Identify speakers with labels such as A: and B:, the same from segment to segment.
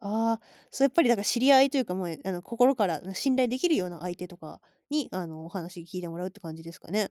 A: ああ、そうやっぱりなんか知り合いというか、もう、あの、心から、あの、信頼できるような相手とかに、あの、お話聞いてもらうって感じですかね？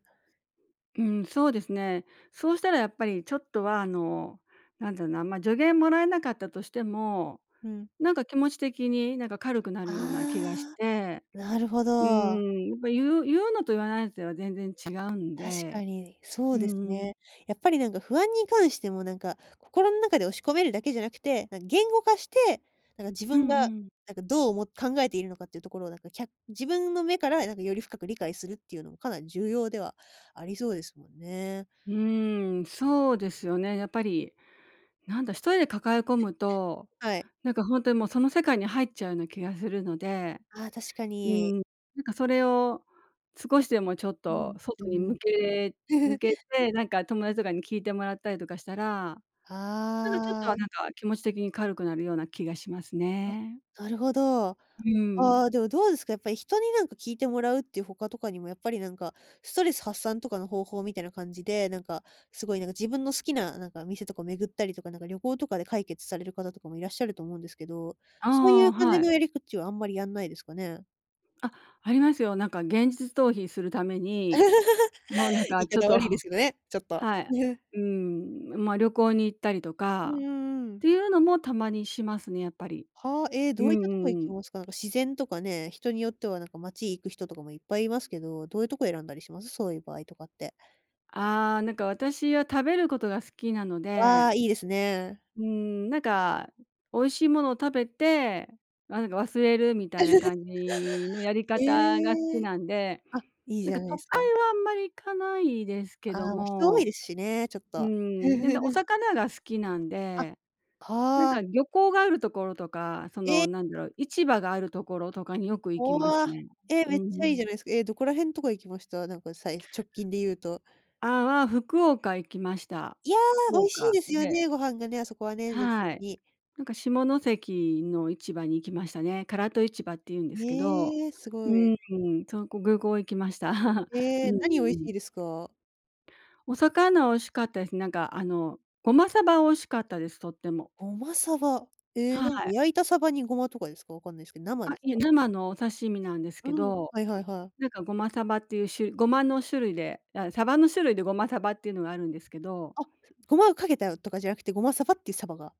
B: うん、そうですね。そうしたらやっぱりちょっとはあの、なんだろうな、ま、助言もらえなかったとしても、
A: うん。
B: なんか気持ち的になんか軽くなる
A: あ
B: ような気がして、
A: あ、なるほ
B: うー
A: ど。
B: ん、やっぱ言う言うのと言わないでは全然違うん
A: 確か
B: で、
A: にそ
B: う
A: うで
B: ん
A: す
B: うん。
A: ね。やっぱり、なんか不安に関しても、なんか心ん中で押し込めるだけじゃなくて、なん言語化して、なんか自
B: う
A: 分
B: んう
A: が、
B: ん。
A: なんかどうおも考えているのかっていうところをなんか、きゃ自分の目からなんかより深く理解するっていうのもかなり重要ではありそうですもんね。
B: うーん、そうですよね。やっぱり、なんだ、一人で抱え込むと、
A: はい。
B: なんかほんとにもうその世界に入っちゃうな気がするので。
A: ああ、確か
B: うー
A: に。
B: ん、なんかそれを少しでもちょっ
A: う
B: と
A: ん、う
B: 外
A: ん
B: に
A: うん。
B: 向け向 けて、なんか友達とかに聞いてもらったりとかしたら、なんか、ちょっと
A: ああ。
B: はなんか気持ち的に軽くなるような気がします
A: あ、
B: ね。
A: なるほど。
B: う
A: あ
B: ん。
A: あ、でもどうですか、やっぱり人になんか聞いてもらうっていう他とかにも、やっぱりなんか、ストレス発散とかの方法みたいな感じで、なんか、すごいなんか自分の好きななんか店とか巡ったりとか、なんか旅行とかで解決される方とかもいらっしゃると思うんですけど、そうい
B: あ
A: う
B: あ、
A: 感
B: は
A: じ
B: い。
A: のやり口はあんまりやんないですかね？
B: あ、ありますよ。なんか現実逃避するために、もうなん
A: 言
B: か
A: い
B: ちょっ
A: 方
B: と
A: 悪いですけどね、ちょっと。
B: はい。うーん、ま、旅行に行ったりと
A: う
B: か
A: ん
B: っ
A: うんうん。
B: ていうのもたまにしますね、やっぱり。
A: はあ、ええ、
B: う
A: ど
B: ん
A: ういった
B: う
A: とこ
B: ん
A: 行
B: う
A: き
B: ん。
A: ますか？なんか自然とかね、人によっては、なんか街行く人とかもいっぱいいますけど、どういうとこ選んだりします？そういう場合とかって。
B: ああ、なんか私は食べることが好きなの
A: わ、
B: で。
A: いいですね。
B: うーん、なんか、美味しいものを食べて、なんか忘れるみたいな 感じのやり
A: へ
B: 方が好き
A: え。
B: なんで、
A: あ、いい
B: な
A: じ
B: ん
A: ゃ
B: か
A: な
B: 都会
A: いすか。
B: はあんまり行かないですけ
A: あ
B: ど
A: あ、人多い
B: も。
A: ですしね、ちょっ
B: う
A: と。
B: ん、で、んで、お 魚が好きなん
A: あ、
B: で。なん
A: は
B: か
A: あ。
B: 漁港があるところとか、その
A: え！
B: なんだろう、市場があるところとかによく行き
A: お、
B: ます
A: あ。
B: ね。
A: え、
B: うん
A: めっ
B: う
A: ちゃいいじ
B: ん。
A: ゃないすか、え、どこら辺とか行きました？なんかさいす直近で言うと。
B: あ、わ、福岡行きました。
A: いや、
B: 福
A: 美味しい
B: 岡
A: ですよ
B: で
A: ね、ご飯がね、あそこはね、全体
B: は
A: 的
B: い。
A: に。
B: なんか下関の市場に行きましたね。唐戸市場って言うんですけど
A: ええ、す
B: う
A: ごい。
B: ーん。そこぐうこう行きました。う
A: え
B: んうん
A: え、何美味し
B: うん。
A: いですか？
B: お魚美味しかったです。なんか、あの、胡麻鯖美味しかったです。とっても。
A: 胡麻鯖、ええ、
B: は
A: なんか
B: い。
A: 焼いた鯖にごまとかですか？分かんないすけど、生
B: あ、
A: です
B: いや、
A: か？
B: 生のお刺身なんです
A: う
B: け
A: ん、
B: ど、
A: はいはいはい。
B: なんか胡麻鯖っていうしゅ胡麻の種類であ、鯖の種類で胡麻鯖っていうのがあるんですけど。
A: あ、つ胡麻をかけたよとかじゃなくて、胡麻鯖っていう鯖が